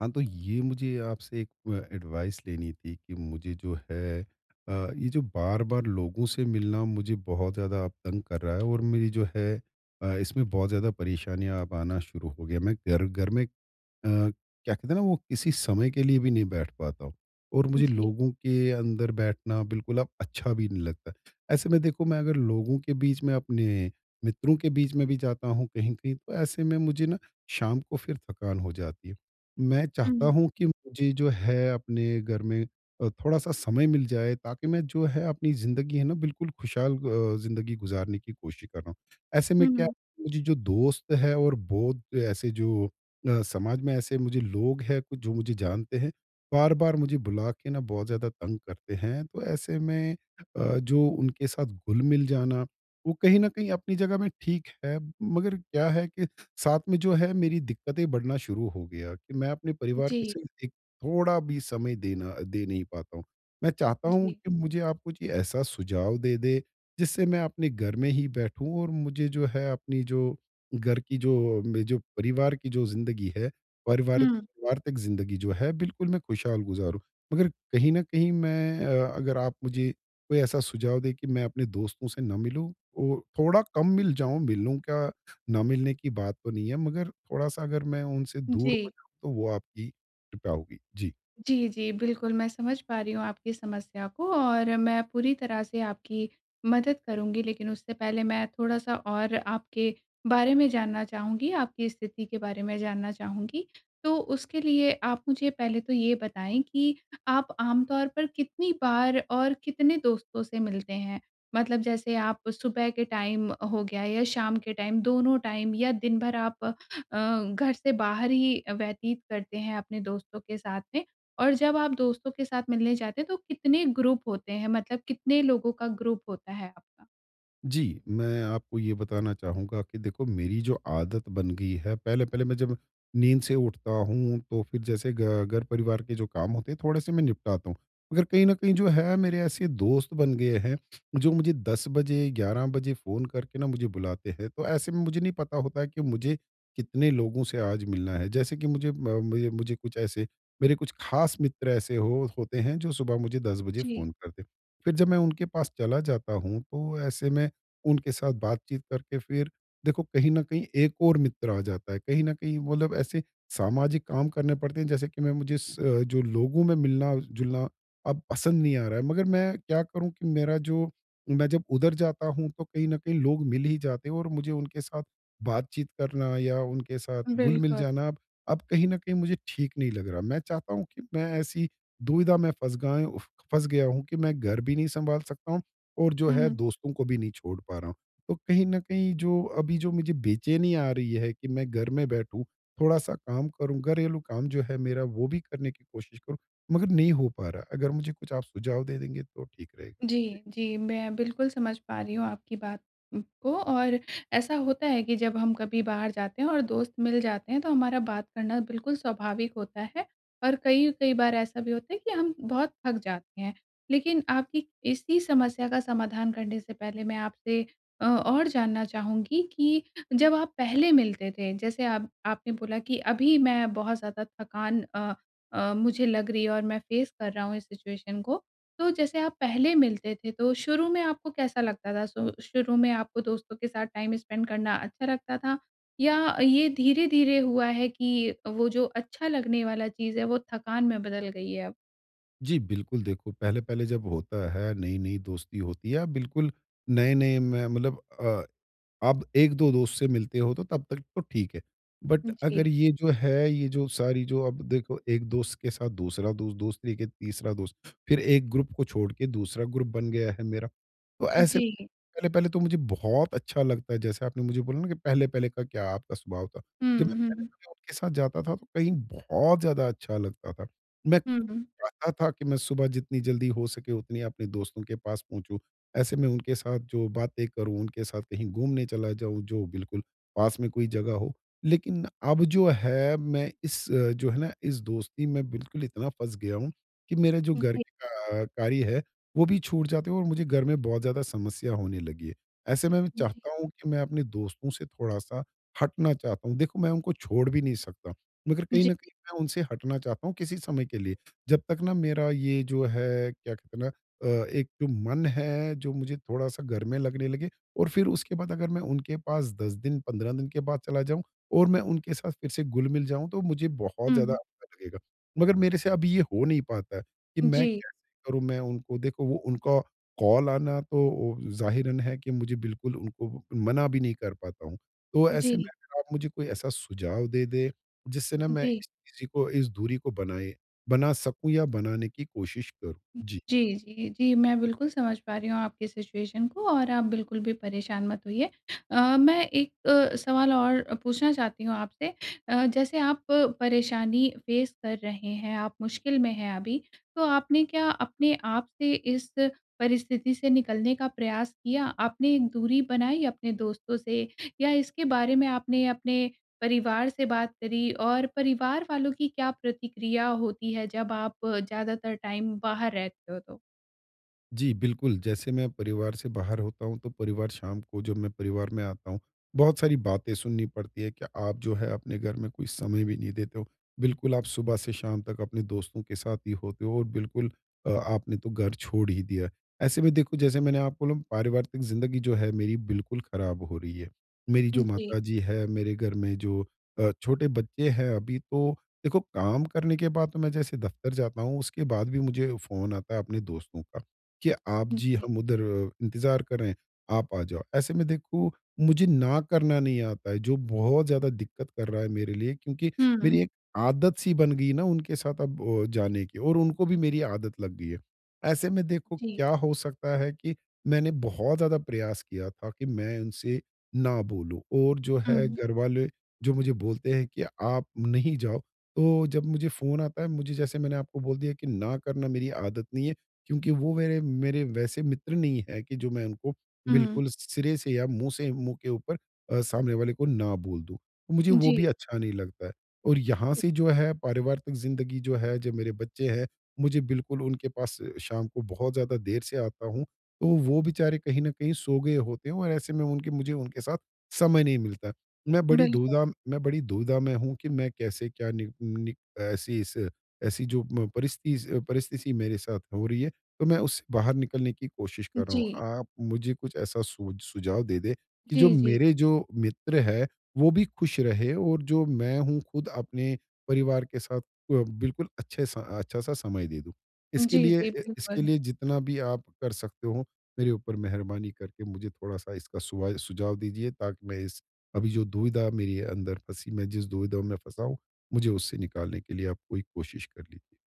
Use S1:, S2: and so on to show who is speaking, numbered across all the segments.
S1: हाँ, तो ये मुझे आपसे एक अ, एडवाइस लेनी थी कि मुझे जो है अ, ये जो बार-बार लोगों से मिलना मुझे बहुत ज़्यादा अब तंग कर रहा है और मेरी जो है अ, इसमें बहुत ज़्यादा परेशानियाँ अब आना शुरू हो गया है। मैं घर घर में अ, क्या कहते हैं ना वो किसी समय के लिए भी नहीं बैठ पाता हूँ। और मुझे
S2: जी।
S1: लोगों के अंदर बैठना बिल्कुल अब अच्छा भी नहीं लगता है। ऐसे में देखो मैं अगर लोगों के बीच में अपने मित्रों के बीच में भी जाता हूँ कहीं-कहीं तो ऐसे में मुझे ना शाम को फिर थकान हो जाती है। मैं चाहता
S2: हुँ।
S1: हूँ कि मुझे जो है अपने घर में अ, थोड़ा-सा समय मिल जाए ताकि मैं जो है अपनी ज़िंदगी है ना बिल्कुल खुशहाल अ, ज़िंदगी गुज़ारने की कोशिश कर रहा हूँ। ऐसे में
S2: हुँ,
S1: क्या
S2: हुँ।
S1: मुझे जो दोस्त है और बहुत ऐसे जो अ, समाज में ऐसे मुझे लोग है कुछ जो मुझे जानते हैं बार-बार मुझे बुला के ना बहुत ज़्यादा तंग करते हैं। तो ऐसे में अ, जो उनके साथ घुल-मिल जाना वो कहीं न कहीं अपनी जगह में ठीक है। मगर क्या है कि साथ में जो है मेरी दिक्कतें बढ़ना शुरू हो गया कि मैं अपने परिवार के
S2: जी।
S1: संग एक थोड़ा भी समय देना दे नहीं पाता हूँ। मैं चाहता हूँ
S2: जी।
S1: कि मुझे आप कुछ ऐसा सुझाव दे दें जिससे मैं अपने घर में ही बैठूँ और मुझे जो है अपनी जो घर की जो मे जो परिवार की जो ज़िन्दगी है पारिवारिक
S2: हुँ।
S1: वार्तिक ज़िन्दगी जो है बिल्कुल मैं खुशहाल गुज़ारु। मगर कहीं न कहीं मैं अ, अगर आप मुझे कोई ऐसा सुझाव दें कि मैं अपने दोस्तों से ना मिलूँ और थोड़ा कम मिल जाऊँ, मिलूँ क्या ना मिलने की बात तो नहीं है मगर थोड़ा-सा अगर मैं उनसे दूर हो
S2: जी।
S1: जाऊँ तो वो आपकी कृपा होगी। जी।
S2: जी, जी बिल्कुल। मैं समझ पा रही हूँ आपकी समस्या को और मैं पूरी तरह से आपकी मदद करुँगी। लेकिन उससे पहले मैं थोड़ा-सा और आपके बारे में जानना चाहूँगी, आपकी स्थिति के बारे में जानना चाहूँगी। तो उसके लिए आप मुझे पहले तो ये बताएँ कि आप आमतौर पर कितनी बार और कितने दोस्तों से मिलते हैं? मतलब जैसे आप सुबह के टाइम हो गया या शाम के टाइम दोनों टाइम या दिन भर आप अ, घर से बाहर ही अ, व्यतीत करते हैं अपने दोस्तों के साथ में? और जब आप दोस्तों के साथ मिलने जाते हैं तो कितने ग्रुप होते हैं? मतलब कितने लोगों का ग्रुप होता है आपका?
S1: जी, मैं आपको ये बताना चाहूँगा कि देखो मेरी जो आदत बन गई है। पहले-पहले मैं जब नींद से उठता हूँ तो फिर जैसे घ घर परिवार के जो काम होते हैं थोड़े-से मैं निपटाता हूँ। अगर कहीं न कहीं जो है, मेरे ऐसे दोस्त बन गए हैं जो मुझे 10 बजे, 11 बजे फ़ोन करके ना मुझे बुलाते हैं, तो ऐसे में मुझे नहीं पता होता है कि मुझे कितने लोगों से आज मिलना है। जैसे कि मुझे म मए मुझे कुछ ऐसे मेरे कुछ खास मित्र, ऐसे हो होते हैं जो सुबह मुझे 10 बजे
S2: जी।
S1: फ़ोन करते। फिर जब मैं उनके पास चला जाता हूँ, तो ऐसे में उनके साथ बातचीत करके फिर देखो कहीं न कहीं एक और मित्र आ जाता है। कहीं न कहीं मतलब ऐसे सामाजिक काम करने पड़ते हैं, जैसे कि मैं मुझे अ, जो लोगों में मिलना-जुलना अब पसंद नहीं आ रहा है। मगर मैं क्या करूँ कि मेरा जो मैं जब उधर जाता हूँ तो कहीं न कहीं लोग मिल ही जाते हैं और मुझे उनके साथ, बातचीत करना या उनके साथ घुल मिल
S2: बिल्कुल।
S1: जाना ब अब कहीं न कहीं मुझे ठीक नहीं लग रहा। मैं चाहता हूँ कि मैं ऐसी दुविधा में फँस गाएँ उफ़ फँस गया हूँ कि मैं घर भी नहीं सँभाल सकता हूँ और जो है
S2: हुँ।
S1: दोस्तों को भी नहीं छोड़ पा रहा हूँ। तो कहीं न कहीं जो, अभी जो मुझे बेचैनी आ रही है कि मैं घर में बैठूँ, थोड़ा-सा काम करूँ, घरेलू काम जो है मेरा वो भी करने की कोशिश करूँ, मगर नहीं हो पा रहा। अगर मुझे कुछ आप सुझाव दे देंगे तो ठीक रहेगा। जी।
S2: जी, जी। मैं बिल्कुल समझ पा रही हूँ आपकी बात को। और ऐसा होता है कि जब हम कभी बाहर जाते हैं और दोस्त मिल जाते हैं, तो हमारा बात करना बिल्कुल स्वाभाविक होता है। और कई-कई बार ऐसा भी होता है कि हम बहुत थक जाते हैं। लेकिन आपकी इसी समस्या का समाधान करने से पहले मैं आपसे अ, और जानना चाहूँगी कि जब आप पहले मिलते थे। जैसे आप आपने बोला कि अभी मैं बहुत ज़्यादा थकान अ अ, मुझे लग रही है और मैं फ़ेस कर रहा हूँ इस सिचुएशन को। तो जैसे आप पहले मिलते थे तो शुरू में आपको कैसा लगता था? श शुरू में आपको दोस्तों के साथ टाइम स्पेंड करना अच्छा लगता था? या ये धीरे-धीरे हुआ है कि, वो जो अच्छा लगने वाला चीज़ है वो थकान में बदल गई है अब?
S1: जी बिल्कुल, देखो पहले-पहले जब होता है नई-नई दोस्ती होती है। बिल्कुल, नए-नए में मतलब अ, अब 1-2 दोस्त से मिलते हो तो तब तक तो ठीक है। बट अगर
S2: जी।
S1: ये जो है ये जो सारी जो अब देखो एक दोस्त के साथ दूसरा दोस्त, दोस्त लेके तीसरा दोस्त फ़िर 1 ग्रुप को छोड़ के दूसरा ग्रुप बन गया है मेरा। तो ऐसे
S2: जी।
S1: पहले-पहले तो मुझे बहुत अच्छा लगता है जैसे आपने मुझे बोला न कि पहले-पहले का क्या आपका स्वभाव था।
S2: हुँ,
S1: जब मैं
S2: हुँ, हुँ।
S1: पहले उनके साथ जाता था तो कहीं बहुत ज़्यादा अच्छा लगता था, मैं
S2: हुँ, हुँ।
S1: खुद चाहता था कि मैं सुबह जितनी जल्दी हो सके उतनी अपने दोस्तों के पास पहुँचूँ। ऐसे मैं उनके साथ जो बातें करूँ, उनके साथ कहीं घूमने चला जाऊँ जो बिल्कुल पास में कोई जगह हो। लेकिन अब जो है मैं इस जो है ना इस दोस्ती में बिल्कुल इतना फँस गया हूँ कि मेरे जो घर
S2: जी।
S1: के का कार्य है वो भी छूट जाते हैं और मुझे घर में बहुत ज़्यादा समस्या होने लगी है। ऐसे में मैं
S2: जी।
S1: चाहता हूँ कि मैं अपने दोस्तों से थोड़ा-सा हटना चाहता हूँ। देखो मैं उनको छोड़ भी नहीं सकता मगर कहीं
S2: जी।
S1: न कहीं मैं उनसे हटना चाहता हूँ किसी समय के लिए जब तक ना मेरा ये जो है क्या कहते हैं ना अ, एक तो मन है जो मुझे थोड़ा-सा घर में लगने लगे और फ़िर उसके बाद अगर मैं उनके पास 10 दिन, 15 दिन के बाद चला जाऊँ और मैं उनके साथ फ़िर से घुल-मिल जाऊँ तो मुझे बहुत ज़्यादा
S2: उहुँ।
S1: अच्छा लगेगा। मगर मेरे से अभी ये हो नहीं पाता है कि मैं
S2: जी।
S1: कैसे करूँ मैं उनको देखो वो उनका कॉल आना तो अ, ज़ाहिरन है कि मुझे बिल्कुल उनको मना भी नहीं कर पाता हूँ। तो ऐसे में
S2: जी।
S1: आप मुझे कोई ऐसा सुझाव दे दें जिससे ना मैं
S2: जी।
S1: इस चीज़ को, इस दूरी को बनाए बना सकूँ या बनाने की कोशिश करूँ। जी।
S2: जी, जी, जी मैं बिल्कुल समझ पा रही हूँ आपकी सिचुएशन को और आप बिल्कुल भी परेशान मत होइए। अ, मैं 1 अ, सवाल और पूछना चाहती हूँ आपसे अ, जैसे आप परेशानी फेस कर रहे हैं, आप मुश्किल में हैं अभी। तो आपने क्या अपने आपसे इस परिस्थिति से निकलने का प्रयास किया, आपने एक दूरी बनाई अपने दोस्तों से या इसके बारे में आपने अपने परिवार से बात करी? और परिवार वालों की क्या प्रतिक्रिया होती है जब आप ज़्यादातर टाइम बाहर रहते हो तो?
S1: जी, बिल्कुल जैसे मैं परिवार से बाहर होता हूँ, तो परिवार शाम को जब मैं परिवार में आता हूँ, बहुत सारी बातें सुननी पड़ती है कि आप जो है, अपने घर में कोई समय भी नहीं देते हो। बिल्कुल आप सुबह से शाम तक अपने दोस्तों के साथ ही होते हो और बिल्कुल अ, आपने तो घर छोड़ ही दिया। ऐसे में देखो, जैसे मैंने आपको बोला परिवार तक ज़िंदगी जो है मेरी बिल्कुल ख़राब हो रही है। मेरी
S2: उ,
S1: जो
S2: जी।
S1: माताजी है, मेरे घर में जो अ, छोटे बच्चे हैं अभी, तो देखो काम करने के बाद तो मैं जैसे दफ़्तर जाता हूँ, उसके बाद भी मुझे फ़ोन आता है, अपने दोस्तों का, कि आप
S2: हुँ,
S1: जी,
S2: जी।
S1: हम उधर इंतजार कर रहे हैं, आप आ जाओ। ऐसे में देखो, मुझे न करना नहीं आता है, जो बहुत ज़्यादा दिक्कत कर रहा है मेरे लिए क्योंकि
S2: हुँ,
S1: मेरी
S2: हुँ।
S1: एक आदत सी बन गई ना उनके साथ अब अ, जाने की और उनको भी मेरी आदत लग गई है। ऐसे में देखो,
S2: जी।
S1: क्या हो सकता है? कि मैंने बहुत ज़्यादा प्रयास किया था कि मैं इनसे ना बोलूँ और जो
S2: हुँ,
S1: है
S2: हुँ।
S1: घर वाले जो मुझे बोलते हैं, कि आप नहीं जाओ। तो, जब मुझे फ़ोन आता है, मुझे जैसे मैंने आपको बोल दिया कि ना करना मेरी आदत नहीं है, क्योंकि वो वेरे मेरे वैसे मित्र नहीं है कि जो मैं उनको
S2: हुँ।
S1: बिल्कुल सिरे से या मुँह से मुँह के ऊपर अ, सामने वाले को ना बोल दूँ। मुझे वो भी
S2: जी।
S1: अच्छा नहीं लगता है। और यहाँ
S2: उ।
S1: से जो है, पारिवारिक ज़िंदगी जो है, जो मेरे बच्चे हैं, मुझे बिल्कुल उनके पास शाम को बहुत ज़्यादा देर से आता हूँ। तो वो बेचारे कहीं न कहीं सो गए होते हैं और ऐसे में उनके मुझे उनके साथ समय नहीं मिलता है। मैं बड़ी
S2: बिल्कुल।
S1: दूधा मैं बड़ी दुविधा में हूँ कि मैं कैसे क्या नि नि ऐसी इस ऐसी जो म परिस्तिस अ परिस्थिति मेरे साथ हो रही है। तो, मैं उससे बाहर निकलने की कोशिश कर रहा हूँ।
S2: जी।
S1: आप मुझे कुछ ऐसा सोझ सुझाव दे दे, कि जो
S2: जी, जी।
S1: मेरे जो मित्र है, वो भी खुश रहे और जो मैं हूँ खुद अपने परिवार के साथ अ, बिल्कुल अच्छे सा अच्छा-सा समय दे दूँ। इसके
S2: जी,
S1: लिए
S2: जी।
S1: अ इसके
S2: बिल्कुल।
S1: लिए जितना भी आप कर सकते हो, मेरे ऊपर मेहरबानी करके मुझे थोड़ा-सा इसका सुवा सुझाव दीजिए ताकि मैं इस अभी जो दुविधा मेरी अंदर फँसी मैं जिस दुविधा में फँसा हूँ, मुझे उससे निकालने के लिए आप कोई कोशिश कर लीजिए।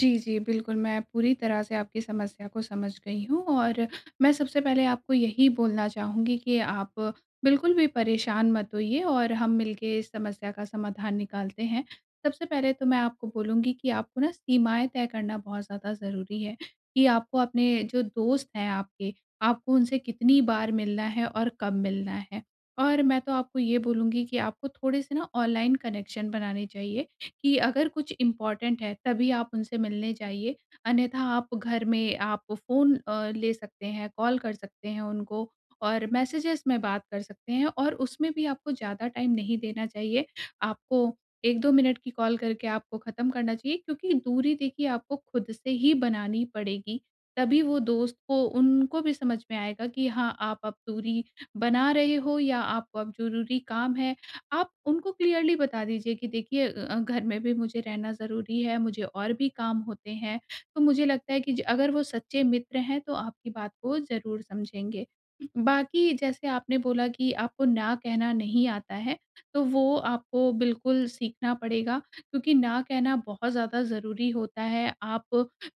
S1: जी।
S2: जी। बिल्कुल मैं पूरी तरह से आपकी समस्या को समझ गई हूँ और मैं सबसे पहले आपको यही बोलना चाहूँगी, कि आप बिल्कुल भी परेशान मत होइए और हम मिलके इस समस्या का समाधान निकालते हैं। सबसे पहले तो मैं आपको बोलूँगी कि आपको ना सीमाएँ तय करना बहुत ज़्यादा ज़रूरी है, कि आपको अपने जो दोस्त हैं आपके, आपको उनसे कितनी बार मिलना है? और कब मिलना है? और मैं तो आपको ये बोलूँगी कि आपको थोड़े-से ना ऑनलाइन कनेक्शन बनाने चाहिए कि अगर कुछ इम्पॉर्टेंट है, तभी आप उनसे मिलने जाइए अन्यथा आप घर में आप फ़ोन अ, ले सकते हैं, कॉल कर सकते हैं उनको और मैसेजेज़ में बात कर सकते हैं और उसमें भी आपको ज़्यादा टाइम नहीं देना चाहिए। आपको 1-2 मिनट की कॉल करके आपको खत्म करना चाहिए, क्योंकि दूरी देखिए आपको खुद से ही बनानी पड़ेगी, तभी वो दोस्त को उनको भी समझ में आएगा कि हाँ, आप अब दूरी बना रहे हो या आपको अब ज़रूरी काम है। आप उनको क्लियरली बता दीजिए कि देखिए अ, घर में भी मुझे रहना ज़रूरी है, मुझे और भी काम होते हैं। तो मुझे लगता है कि ज अगर वो सच्चे मित्र हैं तो आपकी बात को ज़रूर समझेंगे। उ, बाकी जैसे आपने बोला कि आपको ना कहना नहीं आता है। तो वो आपको बिल्कुल सीखना पड़ेगा, क्योंकि ना कहना बहुत ज़्यादा ज़रूरी होता है। आप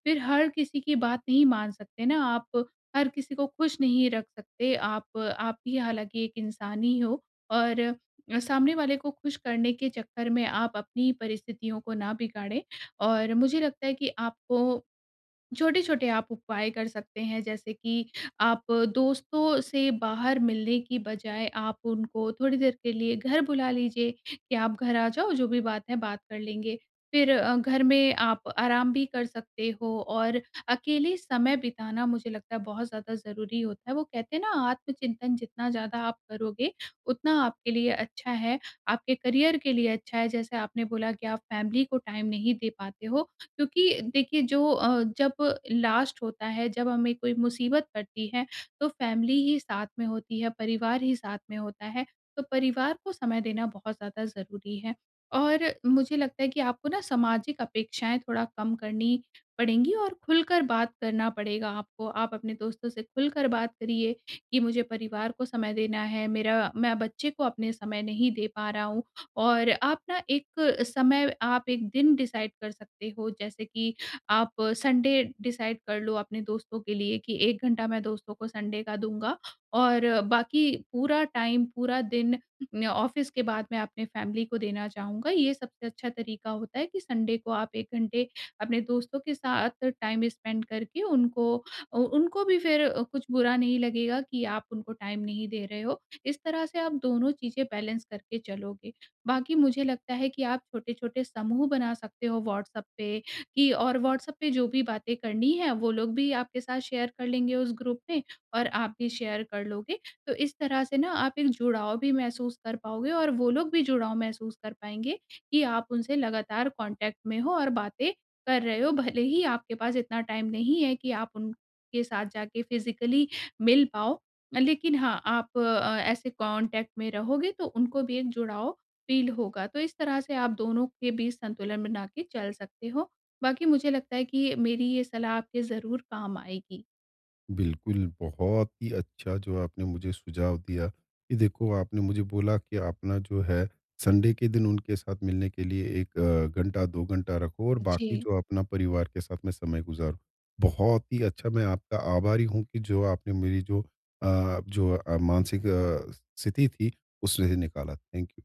S2: फिर हर किसी की बात नहीं मान सकते ना, आप हर किसी को खुश नहीं रख सकते। आप आप भी हालाँकि एक इंसान ही हो और अ, सामने वाले को खुश करने के चक्कर में आप अपनी ही परिस्थितियों को ना बिगाड़ें और मुझे लगता है कि आपको छोटे-छोटे आप उपाय कर सकते हैं, जैसे कि आप दोस्तों से बाहर मिलने की बजाय आप उनको थोड़ी देर के लिए घर बुला लीजिए, कि आप घर आ जाओ, जो भी बात है बात कर लेंगे। फिर अ, घर में आप आराम भी कर सकते हो और अकेले समय बिताना मुझे लगता है, बहुत ज़्यादा ज़रूरी होता है। वो कहते हैं ना, आत्मचिंतन जितना ज़्यादा आप करोगे, उतना आपके लिए अच्छा है। आपके करियर के अच्छा है, जैसे आपने बोला कि आप फैमिली को टाइम नहीं दे पाते हो, क्योंकि देखिए जो अ, जब लास्ट होता है, जब हमें कोई मुसीबत पड़ती है, तो फैमिली ही साथ में होती है, परिवार ही साथ में होता है, तो परिवार को समय देना बहुत ज़्यादा ज़रूरी है। और मुझे लगता है कि आपको ना सामाजिक अपेक्षाएँ थोड़ा कम करनी पड़ेंगी और खुलकर बात करना पड़ेगा आपको। आप अपने दोस्तों से खुलकर बात करिए। कि मुझे परिवार को समय देना है। मेरा मैं बच्चे को अपने समय नहीं दे पा रहा हूँ। और आप ना एक समय, आप 1 दिन डिसाइड कर सकते हो, जैसे कि आप संडे डिसाइड कर लो अपने दोस्तों के लिए, कि 1 घंटा मैं दोस्तों को संडे का दूँगा। और बाकी पूरा टाइम, पूरा दिन न ऑफ़िस के बाद मैं अपने फैमिली को देना चाहूँगा। ये सबसे अच्छा तरीका होता है, कि संडे को आप 1 घंटे अपने दोस्तों के साथ टाइम स्पेंड करके उनको अ उनको भी फिर कुछ बुरा नहीं लगेगा कि आप उनको टाइम नहीं दे रहे हो। इस तरह से आप दोनों चीज़ें बैलेंस करके चलोगे। बाकी मुझे लगता है, कि आप छोटे-छोटे समूह बना सकते हो, व्हाट्सएप पे की और व्हाट्सएप पे जो भी बातें करनी है, वो लोग भी आपके साथ शेयर कर लेंगे उस ग्रुप में और आप भी शेयर कर लोगे। तो इस तरह से ना आप एक जुड़ाव भी महसूस कर पाओगे और वो लोग भी जुड़ाव महसूस कर पाएँगे, कि आप उनसे लगातार कॉन्टेक्ट में हो और बातें कर रहे हो, भले ही आपके पास इतना टाइम नहीं है, कि आप उनके साथ जाके फ़िजिकली मिल पाओ। लेकिन हाँ, आप अ, ऐसे कॉन्टेक्ट में रहोगे, तो उनको भी एक जुड़ाव फ़ील होगा। तो इस तरह से आप दोनों के बीच संतुलन बना के चल सकते हो। बाकी मुझे लगता है, कि ये मेरी ये सलाह आपके ज़रूर काम आएगी।
S1: बिल्कुल। बहुत ही अच्छा जो आपने मुझे सुझाव दिया, कि देखो आपने मुझे बोला कि आप ना जो है, संडे के दिन उनके साथ मिलने के लिए 1 अ, घंटा, 2 घंटा रखो और बाकी
S2: जी।
S1: जो आप ना परिवार के साथ में समय गुज़ारो। बहुत ही अच्छा मैं आपका आभारी हूँ, कि जो आपने मेरी जो अ, जो अ, मानसिक अ, स्थिति थी, उसमें से निकाला। Thank you.